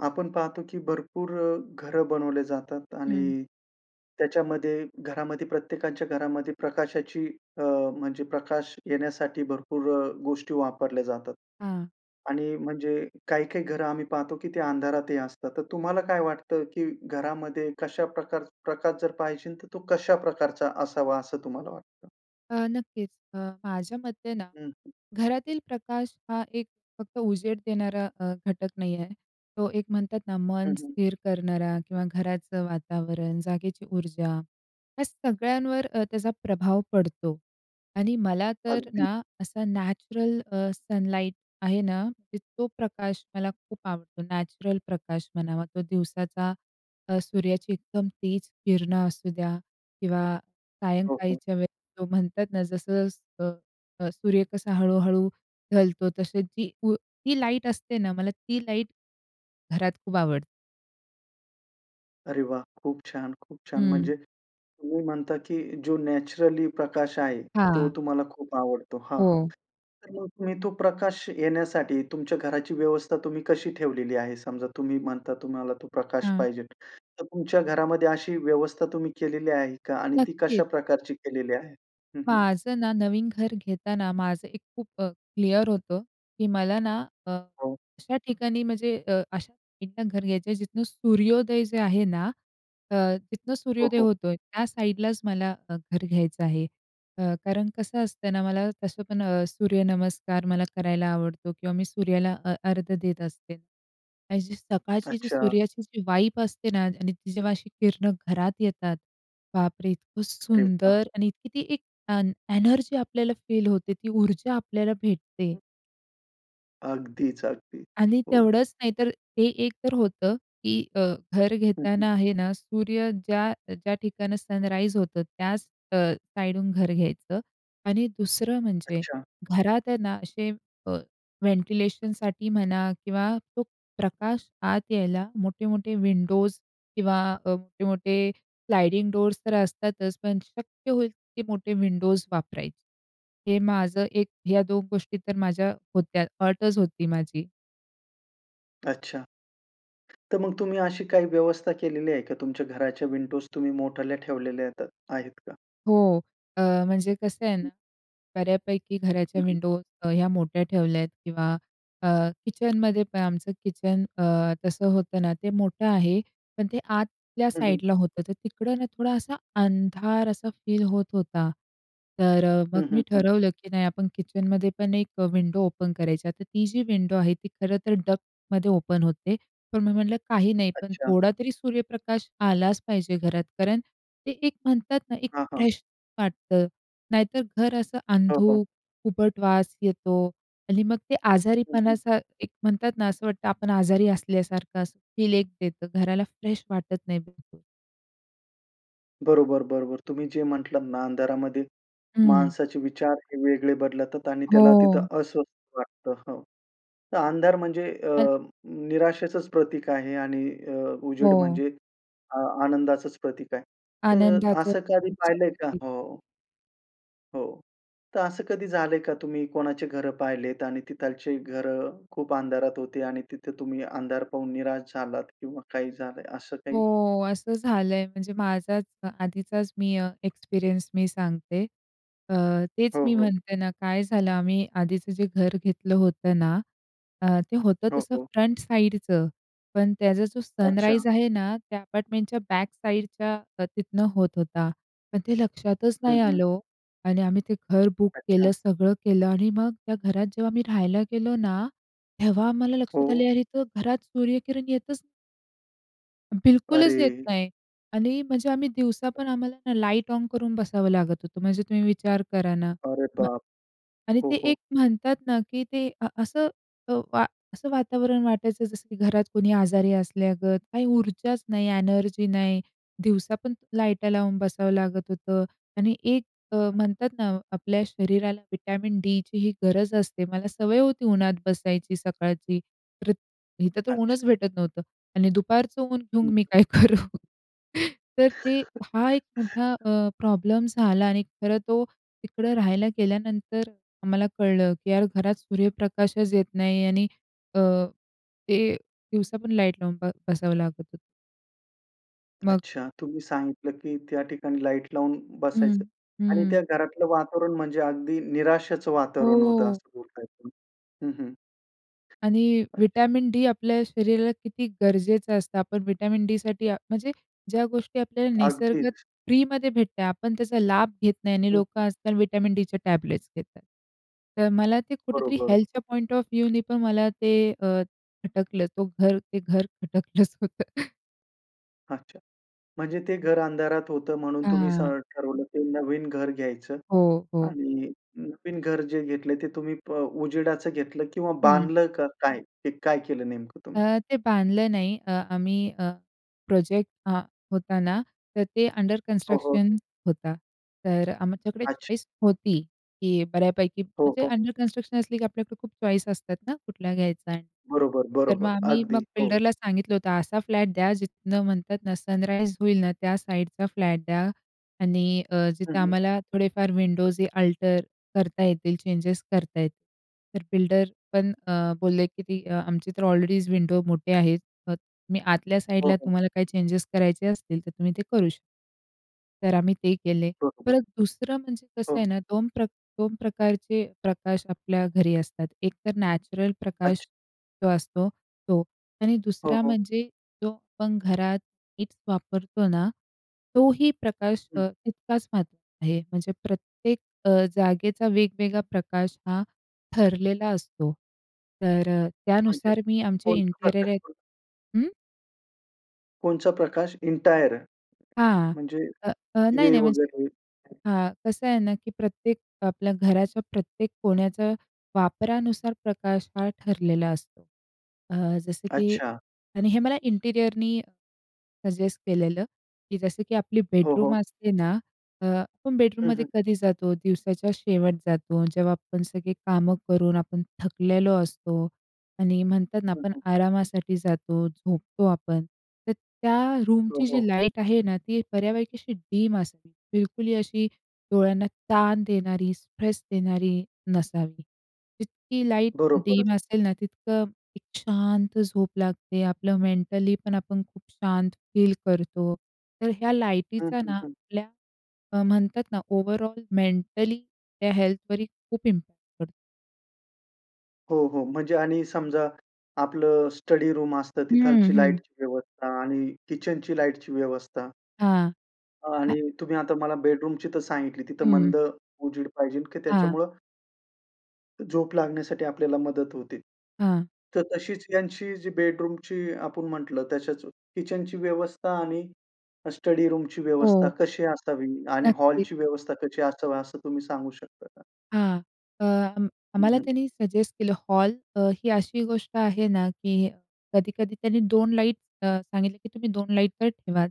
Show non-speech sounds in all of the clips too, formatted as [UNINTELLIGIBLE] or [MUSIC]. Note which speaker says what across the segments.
Speaker 1: आपण पाहतो, की भरपूर अ, घरं बनवले जातात
Speaker 2: हं.
Speaker 1: आणि त्याच्यामध्ये, घरामध्ये प्रत्येकाच्या घरामध्ये प्रकाशाची अ, म्हणजे प्रकाश येण्यासाठी भरपूर अ, गोष्टी वापरल्या जातात.
Speaker 2: हां.
Speaker 1: आणि म्हणजे काही-काही घरं आम्ही पाहतो, की ते अंधारातही असतात. तर तुम्हाला काय वाटतं, की घरामध्ये कशा प्रकार प्रकाश जर पाहिजे, तर तो कशा प्रकारचा असावा असं तुम्हाला वाटतं?
Speaker 2: अ, नक्कीच. अ, माझ्या मते ना,
Speaker 1: हं, हं.
Speaker 2: घरातील प्रकाश हा एक फक्त उजेड देणारा अ, घटक नाही आहे. तो एक म्हणतात ना,
Speaker 1: हं,
Speaker 2: मन
Speaker 1: हं.
Speaker 2: स्थिर करणारा किंवा घराचं वातावरण, जागेची ऊर्जा, या सगळ्यांवर अ, त्याचा प्रभाव पडतो. आणि मला तर
Speaker 1: अगदी.
Speaker 2: ना, असा नॅचरल अ, सनलाइट आहे ना, म्हणजे तो प्रकाश मला खूप आवडतो. नॅचरल प्रकाश म्हणावा तो दिवसाचा, अ, सूर्याची एकदम तेज किरणं असू द्या किंवा
Speaker 1: हो, हो.
Speaker 2: सायंकाळीच्या वेळेला तो म्हणतात ना, जसं-जसं अ, सूर्य कसा हळू-हळू ढलतो तसे जी उ ती लाईट असते ना, मला ती लाईट घरात खूप आवड
Speaker 1: अरे वाह! खूप छान! खूप छान!
Speaker 2: हं.
Speaker 1: म्हणजे तुम्ही म्हणता की जो नॅचरली प्रकाश आहे तो
Speaker 2: हां.
Speaker 1: तुम्हाला खूप आवडतो. हां, हां,
Speaker 2: हो.
Speaker 1: तर मग तुम्ही तो प्रकाश येण्यासाठी तुमच्या घराची व्यवस्था तुम्ही कशी ठेवलेली आहे? समजा तुम्ही म्हणता तुम्हाला तो प्रकाश
Speaker 2: हां.
Speaker 1: पाहिजेल, तर तुमच्या घरामध्ये अशी व्यवस्था तुम्ही केलेली आहे का आणि ती कशा
Speaker 2: नक्कीच.
Speaker 1: प्रकारची केलेली आहे? हं, हं.
Speaker 2: माझं ना, नवीन घर घेताना माझं एक खूप अ, क्लिअर होतं की मला ना अ,
Speaker 1: हो.
Speaker 2: अशा ठिकाणी म्हणजे अ, अशा ठिकाणी घर घ्यायचं आहे, जिथनं सूर्योदय जे आहे ना अ, तिथनं
Speaker 1: हो,
Speaker 2: सूर्योदय
Speaker 1: हो.
Speaker 2: होतोय, त्या साईडलाच मला घर घ्यायचं आहे. अ, कारण कसं असतं ना, मला तसं पण अ, सूर्यनमस्कार मला करायला आवडतो किंवा मी सूर्याला अ, अर्घ्य देत असते आणि सकाळची जी
Speaker 1: अच्छा.
Speaker 2: सूर्याची जी व्हाइब असते ना आणि ती जेव्हा अशी किरणं घरात येतात, बापरे! इतकं
Speaker 1: अरे वाह!
Speaker 2: सुंदर आणि इतकी ती एक अन् एनर्जी आपल्याला फील होते ती ऊर्जा आपल्याला भेटते.
Speaker 1: अगदीच, अगदीच,
Speaker 2: आणि
Speaker 1: हो.
Speaker 2: तेवढंच नाही तर, ते एक तर होतं की अ, घर
Speaker 1: हं, हं.
Speaker 2: घेताना आहे ना, सूर्य ज्या, ज्या ठिकाणं सनराईज होतं त्याच अ, साईडून घर घ्यायचं आणि दुसरं म्हणजे
Speaker 1: अच्छा.
Speaker 2: घरात आहे ना, असे अ, व्हेंटिलेशनसाठी म्हणा किंवा तो प्रकाश आत यायला मोठे-मोठे विंडोज किंवा अ, मोठे-मोठे स्लाइडिंग डोअर्स तर असतातच, पण शक्य होईल तितके मोठे विंडोज वापरायचे, हे माझं 1 ह्या 2 गोष्टी तर माझ्या होत्या, अटच होती माझी.
Speaker 1: अच्छा. तर मग तुम्ही अशी काही व्यवस्था केलेली आहे का? तुमच्या घराच्या विंडोज तुम्ही मोठ्या ठेवलेल्या आहेत का?
Speaker 2: हो, अ, म्हणजे कसं आहे
Speaker 1: हं.
Speaker 2: ना, बऱ्यापैकी घराच्या
Speaker 1: हं, हं.
Speaker 2: विंडो ह्या मोठ्या ठेवल्यात किंवा अ, किचनमध्येपण आमचं किचन अ, तसं होतं ना ते मोठं आहे. पण ते
Speaker 1: हं, हं.
Speaker 2: आतल्यासाईडला होतं. तर तिकडं ना थोडा असा अंधार असा फील होत होता. तर अ, मग
Speaker 1: हं,
Speaker 2: मी
Speaker 1: हं, हं.
Speaker 2: ठरवलं की नाही आपण किचनमध्ये पण एक अ, विंडो ओपन करायचा. तर ती जी विंडो आहे ती खरं तर डक्टमध्ये ओपन होते. पण मी म्हटलं काही नाही, पण
Speaker 1: अच्छा.
Speaker 2: थोडा तरी सूर्यप्रकाश आलाच पाहिजे घरात. कारण ते एक म्हणतात ना, एक
Speaker 1: हां, हां.
Speaker 2: फ्रेश वाटतं. नाहीतर घर असं
Speaker 1: हो, हो.
Speaker 2: अंधुक, उबट वास येतो आणि मग ते
Speaker 1: हं, हं.
Speaker 2: आजारीपणाचा एक म्हणतात ना असं वाटतं आपण आजारी असल्यासारखं असं फील एक देतं. घराला फ्रेश वाटत नाही बिलकुल.
Speaker 1: बरोबर, बरोबर. तुम्ही जे म्हटलात ना अंधारामध्ये
Speaker 2: हं.
Speaker 1: माणसाचे विचार हे वेगळे बदलतात आणि त्याला
Speaker 2: हो.
Speaker 1: तिथं अस्वस्थ वाटतं, हो. तर अंधार म्हणजे
Speaker 2: अन्.
Speaker 1: अ, निराशेचंच प्रतीक आहे आणि अ, उजेड
Speaker 2: हो.
Speaker 1: म्हणजे अ, आनंदाचंच प्रतीक आहे तर असं कधी
Speaker 2: आनंदाचंच [UNINTELLIGIBLE]
Speaker 1: पाहिलंय का?
Speaker 2: प्रतीक.
Speaker 1: हो हो, तर असं कधी झालंय का तुम्ही कोणाची घरं पाहिलेत आणि तिथलचे घरं खूप अंधारात होती, आणि तिथे तुम्ही अंधार पाहून निराश झालात किंवा काही झालंय असं काही?
Speaker 2: हो, असं झालंय. म्हणजे माझाच अ आधीचाच मी अ, एक्सपिरियन्स मी सांगते. अ, तेच
Speaker 1: हो,
Speaker 2: मी
Speaker 1: हो.
Speaker 2: म्हणते ना, काय झालं आम्ही आधीचं जे घर घेतलं होतं ना, अ, ते होतं
Speaker 1: हो,
Speaker 2: तसं
Speaker 1: हो.
Speaker 2: फ्रंट साइडचं पण त्याचा जो
Speaker 1: अच्छा.
Speaker 2: सनराईज आहे ना, त्या अपार्टमेंटच्या बॅक साइडच्या तिथनं होत होता. पण ते लक्षातच
Speaker 1: हं,
Speaker 2: नाही
Speaker 1: हं.
Speaker 2: आलं हो आणि आम्ही ते घर बुक केलं,
Speaker 1: अच्छा.
Speaker 2: सगळं केलं आणि मग त्या घरात जेव्हा मी राहायला गेलो ना, तेव्हा आम्हाला लक्षात
Speaker 1: हो.
Speaker 2: आलं अरे तर घरात सूर्यकिरण येतच बिलकुलच येत
Speaker 1: अरे.
Speaker 2: नाही आणि म्हणजे आम्ही दिवसापण आम्हाला ना, लाइट ऑन करून बसावं लागत होतं, म्हणजे तुम्ही विचार करा ना.
Speaker 1: अरे
Speaker 2: म्ह
Speaker 1: बाप!
Speaker 2: आणि
Speaker 1: हो,
Speaker 2: ते
Speaker 1: हो.
Speaker 2: एक म्हणतात ना की ते अ, असं अ, वा असं वातावरण वाटायचं जसं की घरात कोणी आजारी असल्यागत, काही ऊर्जाच नाही, एनर्जी नाही, दिवसा पण लाइट लावून बसावं लागत होतं आणि एक अ, म्हणतात ना, आपल्या शरीराला व्हिटॅमिन डीचीही गरज असते. मला सवय होती उन्हात बसायची सकाळची, तर इथं तर ऊनच
Speaker 1: अच्छा.
Speaker 2: भेटत नव्हतं आणि दुपारचं ऊन घेऊन
Speaker 1: हं.
Speaker 2: मी काय करू. तर ते हा एक मोठा
Speaker 1: [CHUCKLES]
Speaker 2: अ, प्रॉब्लेम झाला आणि खरं तो तिकडं राहायला गेल्यानंतर आम्हाला कळलं की यार घरात सूर्यप्रकाशच येत नाही आणि अ, ते दिवसा पण लाइट लावून ब बसावं लागत होतं. मग.
Speaker 1: अच्छा, तुम्ही सांगितलं की त्या ठिकाणी लाईट लावून
Speaker 2: हं,
Speaker 1: बसायचं आणि त्या
Speaker 2: हं.
Speaker 1: घरातलं वातावरण म्हणजे अगदी निराशेचं वातावरण होतं
Speaker 2: हो.
Speaker 1: असं बोलताय तुम्ही. हं हं.
Speaker 2: आणि
Speaker 1: [UNINTELLIGIBLE]
Speaker 2: व्हिटॅमिन डी आपल्या शरीराला किती गरजेचं असतं. आपण व्हिटॅमिन डीसाठी म्हणजे ज्या गोष्टी आपल्याला निसर्गत
Speaker 1: अगदीच.
Speaker 2: फ्रीमध्ये भेटत आहेत. आपण त्याचा लाभ घेत नाही आणि लोकं
Speaker 1: हं.
Speaker 2: आज-काल व्हिटॅमिन डीच्या टॅबलेट्स घेतात. तर मला ते कुठेतरी
Speaker 1: बरोबर.
Speaker 2: हेल्थच्या पॉइंट ऑफ व्ह्यूने पण मला ते अ, खटकलं तो घर ते घर खटकलंच होतं.
Speaker 1: अच्छा. म्हणजे ते घर अंधारात होतं म्हणून तुम्ही स
Speaker 2: हां.
Speaker 1: ठरवलं, ते नवीन घर घ्यायचं
Speaker 2: हो, हो.
Speaker 1: आणि नवीन घर जे घेतलंय ते तुम्ही ब अ, उजेडाचं घेतलं किंवा
Speaker 2: हं.
Speaker 1: बांधलं का? काय? काय केलं नेमकं तुम्ही?
Speaker 2: अ, ते बांधलं नाही. अ, आम्ही अ, प्रोजेक्ट अ, होत ना तर ते अंडर
Speaker 1: हो, हो.
Speaker 2: कन्स्ट्रक्शन होता. तर अ, आमच्याकडे
Speaker 1: अच्छा.
Speaker 2: चॉइस होती, की बऱ्यापैकी.
Speaker 1: हो,
Speaker 2: म्हणजे
Speaker 1: हो.
Speaker 2: अंडर कन्स्ट्रक्शन असली, की आपल्याकडे खूप चॉईस असतात ना, कुठला घ्यायचा.
Speaker 1: बरोबर,
Speaker 2: तर मग
Speaker 1: बरोबर.
Speaker 2: आम्ही मग
Speaker 1: अगदी. हो.
Speaker 2: बिल्डरला सांगितलं होतं. असा फ्लॅट द्या जिथनं म्हणतात ना सनराइज होईल ना, त्या साइडचा फ्लॅट द्या आणि अ,
Speaker 1: हं,
Speaker 2: जिथं
Speaker 1: हं.
Speaker 2: आम्हाला थोडेफार विंडोजही अल्टर करता येतील, चेंजेस करता येतं. तर बिल्डर पण अ, बोलले की ती अ, आमचे तर ऑलरेडीच विंडो मोठे आहेत. मग मी आतल्या
Speaker 1: हो,
Speaker 2: साईडला
Speaker 1: हो.
Speaker 2: तुम्हाला काही चेंजेस करायचे असतील तर तुम्ही ते करू शकता. तर आम्ही ते केले.
Speaker 1: बरोबर.
Speaker 2: परत दुसरं म्हणजे कसं आहे
Speaker 1: हो.
Speaker 2: ना 2 प्रक 2 प्रकारचे अ, प्रकाश आपल्या घरी असतात. एकतर नॅचरल
Speaker 1: अच्छा.
Speaker 2: प्रकाश जो असतो तो आणि
Speaker 1: हो,
Speaker 2: दुसरा
Speaker 1: हो.
Speaker 2: म्हणजे जो आपण घरात लाईट्स वापरतो ना, तोही प्रकाश
Speaker 1: हं.
Speaker 2: अ, तितकाच महत्त्वाचा आहे. म्हणजे प्रत्येक अ, जागेचा वेगवेगळा प्रकाश हा ठरलेला असतो. तर अ
Speaker 1: म्हणजे
Speaker 2: त्यानुसार मी आमचे
Speaker 1: कोणत्या
Speaker 2: इंटेरियर आहेत
Speaker 1: प्रकारचं?
Speaker 2: हं.
Speaker 1: कोणचा प्रकाश एंटायर,
Speaker 2: हां,
Speaker 1: म्हणजे
Speaker 2: अ, अ,
Speaker 1: दिवे
Speaker 2: नाही-नाही म्हणजे
Speaker 1: वगैरे.
Speaker 2: हां, कसं आहे ना की प्रत्येक आपल्या घराच्या प्रत्येक कोण्याचा वापरानुसार प्रकाश हा, ठरलेला असतो. अ, जसं की
Speaker 1: अच्छा.
Speaker 2: आणि हे मला इंटेरिअरनी सजेस्ट केलेलं, की जसं की आपली
Speaker 1: हो, हो.
Speaker 2: बेडरूम असते ना, अ, आपण
Speaker 1: हं,
Speaker 2: बेडरूममध्ये
Speaker 1: हं.
Speaker 2: कधी जातो? दिवसाच्या शेवट जातो. जेव्हा आपण सगळे कामं करून आपण थकलेलो असतो आणि म्हणतात ना
Speaker 1: हं,
Speaker 2: आपण
Speaker 1: हं.
Speaker 2: आरामासाठी जातो, झोपतो आपण. तर त्या
Speaker 1: हो,
Speaker 2: रूमची
Speaker 1: हो.
Speaker 2: जी लाईट आहे ना ती बऱ्यापैकी अशी डिम असते, बिलकुल ही अशी डोळ्यांना ताण देणारी स्ट्रेस देणारी नसावी, जितकी लाईट
Speaker 1: बरोबरच.
Speaker 2: डिम असेल ना तितकं एक शांत झोप लागते, आपलं मेंटली पण आपण खूप शांत फील करतो, तर ह्या
Speaker 1: हं,
Speaker 2: लाइटीचा
Speaker 1: हं,
Speaker 2: ना
Speaker 1: हं.
Speaker 2: आपल्या अ, म्हणतात ना ओव्हरऑल मेंटली त्या हेल्थवर ही खूप इम्पॅक्ट करतो.
Speaker 1: हो, हो, म्हणजे आणि समजा आपलं स्टडी रूम असतं
Speaker 2: हं,
Speaker 1: तिथालची
Speaker 2: हं.
Speaker 1: लाईटची व्यवस्था आणि किचनची लाईटची व्यवस्था.
Speaker 2: हां, हा.
Speaker 1: आणि तुम्ही आता मला बेडरूमची तर सांगितली, तिथं
Speaker 2: हं.
Speaker 1: मंद उजेड पाहिजे की
Speaker 2: हां.
Speaker 1: त्याच्यामुळं झोप लागण्यासाठी आपल्याला मदत होते.
Speaker 2: हां.
Speaker 1: तर तशीच ह्यांची जी बेडरूमची आपण म्हटलं त्याच्याच, किचनची व्यवस्था आणि स्टडीरूमची व्यवस्था
Speaker 2: हो.
Speaker 1: कशी असावी आणि
Speaker 2: नक्कीच.
Speaker 1: हॉलची व्यवस्था कशी असावी असं तुम्ही सांगू शकता का?
Speaker 2: हां. अ,
Speaker 1: हं,
Speaker 2: आम्हाला
Speaker 1: हं.
Speaker 2: त्यानी सजेस्ट केलं हॉल अ, ही अशी गोष्ट आहे ना, की कधी-कधी त्यांनी 2 लाईट अ, सांगितले की तुम्ही 2 लाईट तर ठेवाच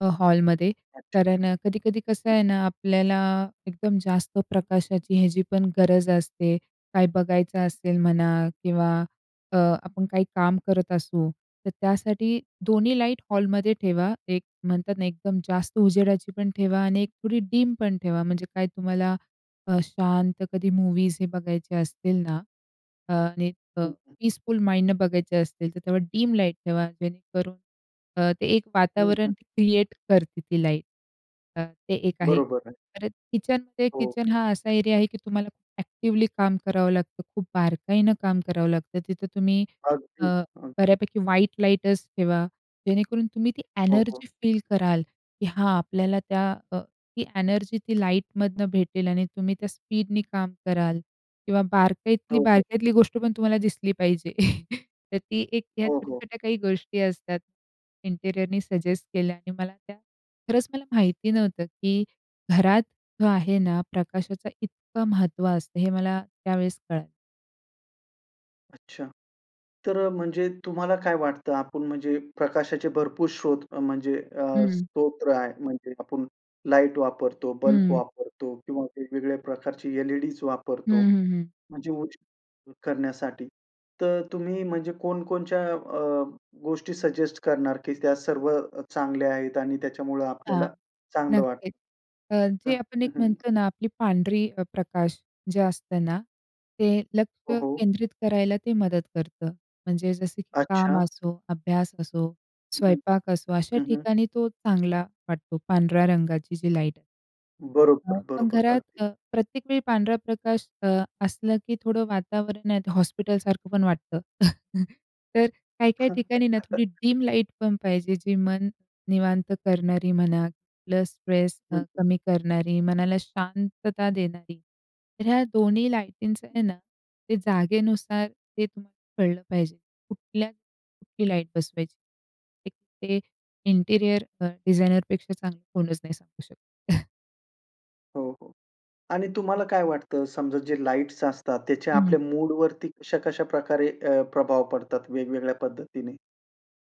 Speaker 2: अ, हॉलमध्ये.
Speaker 1: अच्छा.
Speaker 2: कारण अ, कधी-कधी कसं
Speaker 1: हं.
Speaker 2: आहे ना, आपल्याला एकदम जास्त प्रकाशाची ह्याची पण गरज असते, काय बघायचं असेल म्हणा किंवा अ, आपण काही काम करत असू, तर त्यासाठी 2न्ही लाइट हॉलमध्ये ठेवा 1 म्हणतात ना, एकदम जास्त उजेडाचीपण ठेवा आणि 1 थोडी डीम पण ठेवा, म्हणजे काय तुम्हाला अ, शांत कधी मूवीज हे बघायचे असतील ना आणि अ,
Speaker 1: हं, हं.
Speaker 2: पीसफुल माइंडनं बघायचे असतील, तर तेव्हा डीम लाईट ठेवा. जेणेकरून अ, ते एक
Speaker 1: हं, हं.
Speaker 2: वातावरण क्रिएट करते ती लाईट. अ, ते एक आहे.
Speaker 1: बरोबर आहे.
Speaker 2: तर किचन ते
Speaker 1: हो.
Speaker 2: किचन हा असा एरिया आहे की तुम्हाला खूप ॲक्टिवली काम करावं लागतं, खूप बारकाईनं काम करावं लागतं, तिथं तुम्ही अ,
Speaker 1: अगदी, अगदी.
Speaker 2: बऱ्यापैकी व्हाइट लाईटच ठेवा, जेणेकरून तुम्ही ती
Speaker 1: हो, हो.
Speaker 2: एनर्जी फील कराल की हां आपल्याला त्या, अ, ती एनर्जी ती लाईटमधनं भेटेल आणि तुम्ही त्या स्पीडने काम कराल, किंवा बारकाईतली
Speaker 1: हो, हो.
Speaker 2: बारकाईतली गोष्ट पण तुम्हाला दिसली पाहिजे. [CHUCKLES] तर ती एक ह्या
Speaker 1: हो, हो.
Speaker 2: छोट्या-छोट्या काही गोष्टी असतात, इंटीरियरनी सजेस्ट केल्या आहे मला त्या. खरंच मला माहिती नव्हतं की घरात जो आहे ना, प्रकाशाचं इतकं महत्त्व असतं हे मला त्यावेळेस कळालं.
Speaker 1: अच्छा. तर अ, म्हणजे तुम्हाला काय वाटतं? आपण म्हणजे प्रकाशाचे भरपूर स्रोत म्हणजे अ,
Speaker 2: हं.
Speaker 1: स्तोत्र आहे, म्हणजे आपण लाईट वापरतो, बल्ब
Speaker 2: हं.
Speaker 1: वापरतो किंवा वेगवेगळ्या प्रकारची एल-ई-डीज
Speaker 2: हं,
Speaker 1: वापरतो,
Speaker 2: हं.
Speaker 1: म्हणजे उजेड करण्यासाठी. तर अ, तुम्ही म्हणजे कोणकोणच्या अ, गोष्टी सजेस्ट करणार की त्या सर्व चांगल्या आहेत आणि त्याच्यामुळं
Speaker 2: हां,
Speaker 1: आपल्याला चांगलं वाटतं?
Speaker 2: नक्कीच. अ,
Speaker 1: हां,
Speaker 2: जे आपण एक
Speaker 1: हं, हं.
Speaker 2: म्हणतो ना, आपली पांढरी अ, प्रकाश जे असतं ना, ते लक्ष
Speaker 1: हो, हो.
Speaker 2: केंद्रित करायला ते मदत करतं. म्हणजे जसं की काम
Speaker 1: अच्छा.
Speaker 2: असो, अभ्यास असो,
Speaker 1: हं,
Speaker 2: स्वयंपाक असो, अशा
Speaker 1: हं, हं.
Speaker 2: ठिकाणी तो चांगला वाटतो, पांढऱ्या रंगाची जी लाईट.
Speaker 1: बरोबर,
Speaker 2: पण
Speaker 1: बरोबर,
Speaker 2: घरात
Speaker 1: अगदी.
Speaker 2: अ, प्रत्येक वेळी पांढरा प्रकाश अ, असला की थोडं वातावरण हे हॉस्पिटलसारखं पण वाटतं. [CHUCKLES] तर काही-काही ठिकाणी ना थोडी
Speaker 1: [CHUCKLES]
Speaker 2: डिम लाईटपण पाहिजे जी मन निवांत करणारी म्हणा, प्लस स्ट्रेस अ,
Speaker 1: हं.
Speaker 2: कमी करणारी, मनाला शांतता देणारी. तर ह्या दोन्ही लाईटींचं आहे ना, ते जागेनुसार ते तुम्हाला कळलं पाहिजे, कुठल्या ठिकाणी कुठली लाईट बसवायची. ते इंटरिअर अ, डिझायनरपेक्षा चांगलं कोणच नाही सांगू शकतो. [CHUCKLES]
Speaker 1: हो, हो, आणि तुम्हाला काय वाटतं, समजा जे लाईट्स असतात त्याचा
Speaker 2: हं,
Speaker 1: आपल्या
Speaker 2: हं.
Speaker 1: मूडवरती कशा कशा प्रकारे अ, प्रभाव पडतात वेगवेगळ्या पद्धतीने?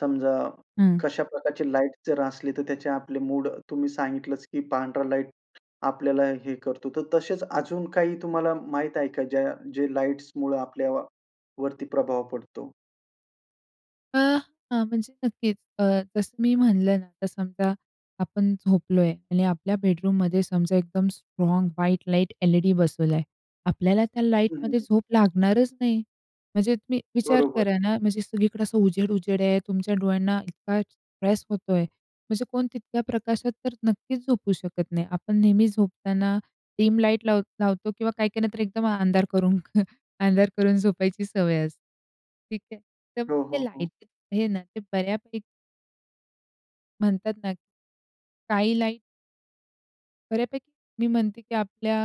Speaker 1: समजा
Speaker 2: हं.
Speaker 1: कशा प्रकारची लाईट जर असली तर त्याचे आपले मूड, तुम्ही सांगितलंच की पांढरा लाईट आपल्याला हे करतो. तर तसेच अजून काही तुम्हाला माहीत आहे का ज्या जे लाइट्समुळे आपल्यावरती प्रभाव पडतो?
Speaker 2: अ, हां, म्हणजे नक्कीच अ, जसं मी म्हणलं ना, तर समजा आपण झोपलोय आणि आपल्या बेडरूममध्ये समजा एकदम स्ट्राँग व्हाईट लाईट एल-ई-डी बसवला आहे, आपल्याला त्या
Speaker 1: हं, हं,
Speaker 2: लाईटमध्ये
Speaker 1: हं.
Speaker 2: झोप लागणारच नाही, म्हणजे तुम्ही विचार
Speaker 1: बरोबर आहे.
Speaker 2: करा ना, म्हणजे सगळीकडे असं उजेड-उजेड आहे, तुमच्या डोळ्यांना इतका स्ट्रेस होतो आहे, म्हणजे कोण तितक्या प्रकाशात तर नक्कीच झोपू शकत नाही. आपण नेहमी झोपताना डिम लाईट लाव लावतो किंवा काही-काहींना तर एकदम अंधार करून [CHUCKLES] अंधार करून झोपायची सवय असते, ठीक आहे, तर मग
Speaker 1: हो,
Speaker 2: हे
Speaker 1: हो, हो.
Speaker 2: लाईट आहे ना ते बऱ्यापैकी म्हणतात ना, स्कायलाईट बऱ्यापैकी मी म्हणते की आपल्या.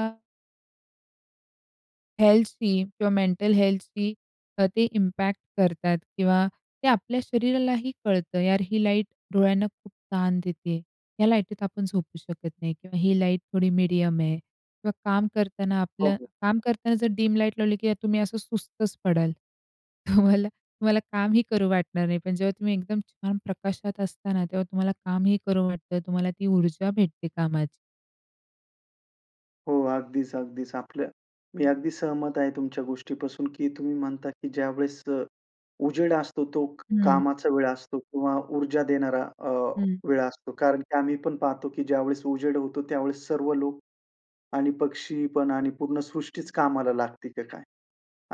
Speaker 2: हेल्थशी किंवा मेंटल हेल्थशी अ, ते इम्पॅक्ट करतात किंवा ते आपल्या शरीरालाही कळतं, यार ही लाईट डोळ्यांना खूप ताण देते. या लाईटीत आपण झोपू शकत नाही किंवा ही लाईट थोडी मीडियम आहे किंवा काम करताना
Speaker 1: हो,
Speaker 2: आपलं
Speaker 1: हो.
Speaker 2: काम करताना जर डीम लाईट लावली की तुम्ही असं सुस्तच पडाल. [CHUCKLES] तुम्हाला, तुम्हाला कामही करू वाटणार नाही. पण जेव्हा तुम्ही एकदम छान प्रकाशात असता ना तेव्हा तुम्हाला कामही करू वाटतं तुम्हाला ती ऊर्जा भेटते कामाची.
Speaker 1: हो, अगदीच, अगदीच. आपल्या मी अगदी सहमत आहे तुमच्या गोष्टीपासून की तुम्ही म्हणता की ज्यावेळेस अ, उजेड असतो तो क
Speaker 2: हं.
Speaker 1: कामाचा वेळ असतो किंवा ऊर्जा देणारा अ,
Speaker 2: हं.
Speaker 1: वेळ असतो. कारण की आम्ही पण पाहतो की ज्यावेळेस उजेड होतो त्यावेळेस सर्व लोक आणि पक्षी पण आणि पूर्ण सृष्टीच कामाला लागते की काय?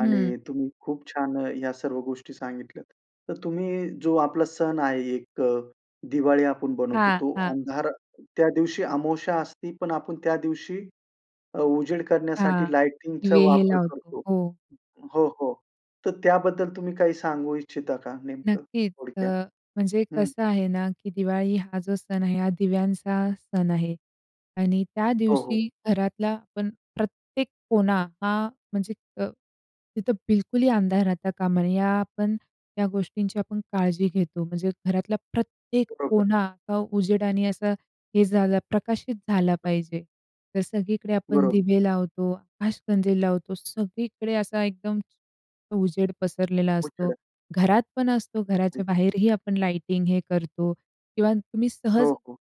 Speaker 2: हं.
Speaker 1: आणि तुम्ही खूप छान अ, ह्या सर्व गोष्टी सांगितल्यात. तर तुम्ही जो आपला सण आहे एक अ, दिवाळी आपण बनवतो.
Speaker 2: हां,
Speaker 1: तो
Speaker 2: हां.
Speaker 1: अंधार त्या दिवशी अमावास्या असती पण आपण त्या दिवशी अ, उजेड
Speaker 2: हां,
Speaker 1: करण्यासाठी लायटिंगचा
Speaker 2: दिवे हे
Speaker 1: वापर
Speaker 2: लावतो,
Speaker 1: करतो.
Speaker 2: हो.
Speaker 1: हो, हो, तर त्याबद्दल तुम्ही काही सांगू इच्छिता का नेमकं
Speaker 2: नक्कीच. अ,
Speaker 1: थोडक्यात?
Speaker 2: म्हणजे
Speaker 1: हं.
Speaker 2: कसं आहे ना की दिवाळी हा जो सण आहे, हा दिव्यांचा सण आहे. आणि त्या
Speaker 1: हो, हो.
Speaker 2: दिवशी घरातला आपण प्रत्येक कोना हा म्हणजे अ, तिथं बिलकुलही अंधार राहता कामा नये, ह्या आपण या गोष्टींची आपण काळजी घेतो म्हणजे घरातला प्रत्येक
Speaker 1: बरोबर.
Speaker 2: कोना अ, उजेडाने असा हे झालं प्रकाशित झाला पाहिजे. तर सगळीकडे आपण
Speaker 1: बरोबर.
Speaker 2: दिवे लावतो, आकाशकंदील लावतो. सगळीकडे असा एकदम अ, उजेड पसरलेला असतो.
Speaker 1: उजेड.
Speaker 2: घरात पण असतो,
Speaker 1: हं,
Speaker 2: घराच्या
Speaker 1: हं.
Speaker 2: बाहेरही आपण लायटिंग हे करतो किंवा तुम्ही
Speaker 1: हो,
Speaker 2: सहज
Speaker 1: हो.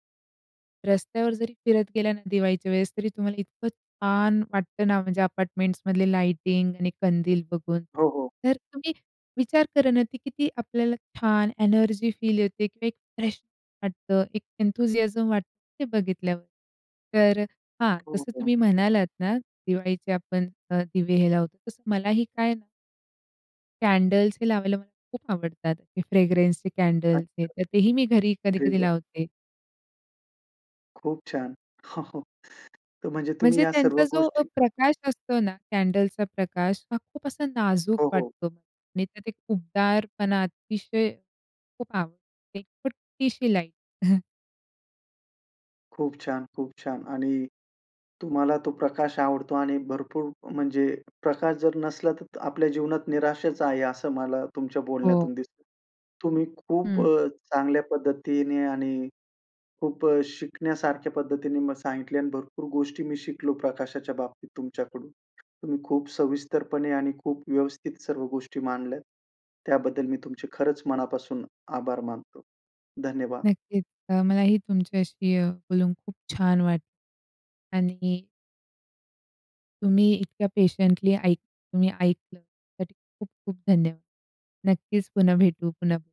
Speaker 2: रस्त्यावर जरी फिरत गेला ना दिवाळीच्या वेळेस, तरी तुम्हाला इतकं छान वाटतं ना म्हणजे अपार्टमेंट्समधले लाइटिंग आणि कंदील बघून.
Speaker 1: हो, हो.
Speaker 2: तर तुम्ही विचार करा ना ते किती आपल्याला छान एनर्जी फील येते किंवा एक फ्रेश वाटतं एक एंथुसियाझम वाटतं ते बघितल्यावर. तर हां, जसं
Speaker 1: बरोबर.
Speaker 2: तुम्ही म्हणालात ना दिवाळीचे आपण अ, दिवे हे लावतो, तसं मलाही काय ना कॅन्डल्स हे लावायला मला खूप आवडतात. ते फ्रेग्रन्सचे कॅन्डल्स
Speaker 1: अच्छा.
Speaker 2: हे तर तेही मी घरी
Speaker 1: अरे
Speaker 2: कधी-कधी
Speaker 1: वाह!
Speaker 2: लावते.
Speaker 1: खूप छान. हो हो. तर म्हणजे तुम्ही
Speaker 2: म्हणजे
Speaker 1: या सर्व
Speaker 2: त्यांचा जो अ,
Speaker 1: गोष्टी
Speaker 2: प्रकाश असतो ना कॅन्डल्सचा प्रकाश, हा खूप असा नाजूक
Speaker 1: हो हो.
Speaker 2: वाटतो आणि त्यात एक उबदारपणा अतिशय, खूप आवडते छोटीशी लाईट. [CHUCKLES]
Speaker 1: खूप छान. खूप छान. आणि तुम्हाला तो प्रकाश आवडतो आणि भरपूर म्हणजे प्रकाश जर नसला, तर आपल्या जीवनात निराशाच आहे असं मला तुमच्या
Speaker 2: हो.
Speaker 1: बोलण्यातून दिसतं. तुम्ही खूप
Speaker 2: हं.
Speaker 1: अ, चांगल्या पद्धतीने आणि खूप अ, शिकण्यासारख्या पद्धतीने म सांगितले आणि भरपूर गोष्टी मी शिकलो प्रकाशाच्या बाबतीत तुमच्याकडून. तुम्ही खूप सविस्तरपणे आणि खूप व्यवस्थित सर्व गोष्टी मांडल्यात, त्याबद्दल मी तुमचे खरंच मनापासून आभार मानतो. धन्यवाद.
Speaker 2: नक्कीच अ, मलाही तुमच्याशी अ, बोलून खूप छान वाटलं आणि तुम्ही इतक्या पेशंटली ऐक तुम्ही ऐकलं त्यासाठी खूप-खूप धन्यवाद. नक्कीच पुन्हा भेटू, पुन्हा बोलू.